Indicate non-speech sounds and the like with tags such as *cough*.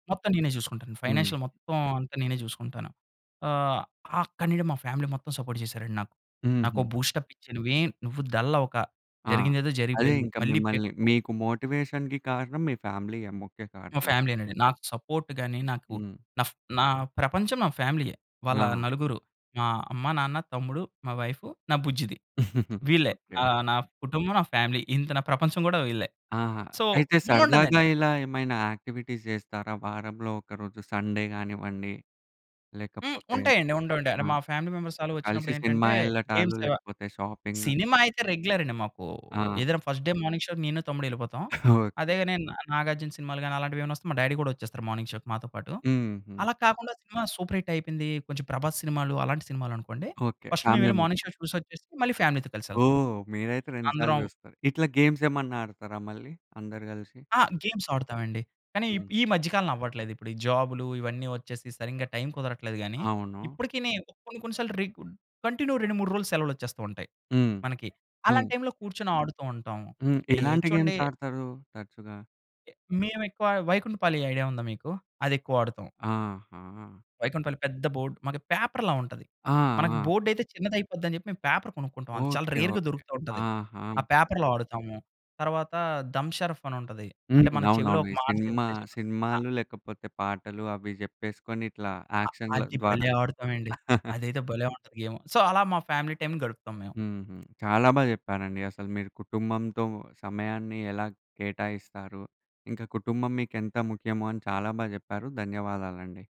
మొత్తం నేనే జూసుకుంటాను. హ్మ్. ఫైనాన్షియల్ మొత్తం అంతా నేనే జూసుకుంటాను. ఆహ్, అక్కడి నుండి మా ఫ్యామిలీ మొత్తం సపోర్ట్ జేశారండి నాకు. నాకోక హుహు. బూస్టప్ ఇచ్చి "నువ్వేం నువ్వు డల్లవక. ఆ! జరిగిందేదో అదే జరిగిపోయింది. ఇంకా మళ్ళీ మిమ్మల్ని పికప్పవు." మీకు మోటివేషన్‌కి కారణం మీ ఫ్యామిలీయే ముఖ్య మా కారణం. ఫ్యామిలీయేనండి. నాకు సపోర్ట్ గాని నాకు హ్మ్. నఫ్ నా ప్రపంచం నా ఫ్యామిలీ‌యే. వాళ్ళ ఆ! నలుగురు. మా అమ్మా‌, నాన్న, తమ్ముడు, మా వైఫు, నా బుజ్జిది. *chuckles* వీళ్ళే ఓకే. ఆహ్, నా ఫ్ కుటుంబం, నా ఫ్యామిలీ. ఇంత నా ప్రపంచం గూడా వీళ్ళే. ఆహా! సో, అయితే సరదాగా బావుండేదండి. ఇలా ఏమైనా యాక్టివిటీస్ జేస్తారా? వారంలో ఒకరోజు సండే గానివ్వండి. హ్మ్. లేకపోతే ఉంటాయండి.. ఉంటా ఉంటాయి. ఆ! అంటే మా ఫ్యామిలీ మెంబర్స్ ఆళ్ళు కలిసి సినిమా వచ్చినప్పుడేంటంటే ఎల్లటాలు. గేమ్సు లేకపోతే షాపింగు. సినిమా అయితే రెగ్యులర్ అండి మాకు. ఆ! ఏదన్నా ఫస్ట్ డే మార్నింగ్ షో‌కి నేను తమ్ముడెళ్ళిపోతాం. *chuckles* ఓకే. అదేగనే నా నాగార్జున సినిమాలు గాని అలాంటివేమన్నా వస్తే మా డ్యాడీ గూడా వచ్చేస్తారు మార్నింగ్ షో‌కి మాతో పాటు. హుహు. అలా కాకుండా సినిమా సూపర్ హిట్ అయిపోయింది. కొంచెం ప్రభాస్ సినిమాలు అలాంటి సినిమాలనుకోండి, ఓకే. ఫస్ట్ మేం ఫ్యామిలీ వెళ్ళి మార్నింగ్ మొత్తం. షో చూసొచ్చేసి మళ్ళీ ఫ్యామిలీ‌తో కలిసెళ్తాం. ఓహ్! మీరైతే 2 సార్లు అందరం జూస్తారు. ఇట్లా గేమ్సేమన్నా ఆడతారా మళ్ళీ అందరూ గలిసి? ఆ! గేమ్స్ ఆడుతామండి. కానీ ఇప్ హ్మ్. ఈ మధ్యకాలంలో అవ్వట్లేదిప్పుడు. ఈ జాబ్‌లు ఇవన్నీ వచ్చేసి సరింగా టైం కుదరట్లేదు గాని, అవును. ఇప్పటికి నే కొన్ని కొన్ని సార్లు రెగు కంటిన్యూ 2, 3 రోజులు సెలవులొచ్చేస్తూ ఉంటయి హ్మ్. మనకి. అలాంటి హ్మ్. టైంలో కూర్చొని ఆడుతూ ఉంటాం. హ్మ్. ఈ ఎట్లాంటి చూడండి గేమ్స్ ఆడతారు తరచుగా? మేమెక్కువ వైకుంఠపాళి ఐడియా ఉందా మీకు? అదెక్కువ ఆడుతాం. ఆహా! వైకుంఠపాళి పెద్ద బోర్డ్ మనకు పేపర్‌ల ఉంటది. ఆ! మనకు ఆ! బోర్డ్ అయితే చిన్నదయిపోద్ది అని జెప్పి మేం పేపర్ కొనుక్కుంటాం. అది చాలా ఓకే, రేర్‌గా ఓకే. దొరుకుతూ ఉంటది. ఆహా! ఆ పేపర్‌లో ఆడుతాము. తర్వాత దమ్ షరఫ్ అని ఉంటది. హ్మ్. అంటే మన చెవిలో అవునవును. ఒక ఈ మాట సినిమా చెప్తే చెప్పాలి. ఆ! సినిమాలు లేకపోతే, పాటలు అవి జెప్పేసుకొని ఇట్లా అ! యాక్షన్‌ల అది ద్వారా. భలే ఆడుతామండి. *chuckles* అదైతే భలే ఉంటది గేము. సో అలా మా ఫ్యామిలీ టైం గడుపుతాం మేము. హుహు. చాలా బా చెప్పారండి. అసలు మీరు కుటుంబంతో సమయాన్ని ఎలా కేటాయిస్తారు? ఇంకా కుటుంబం మీకెంత ముఖ్యమో అని చాలా బా చెప్పారు. ధన్యవాదాలండి.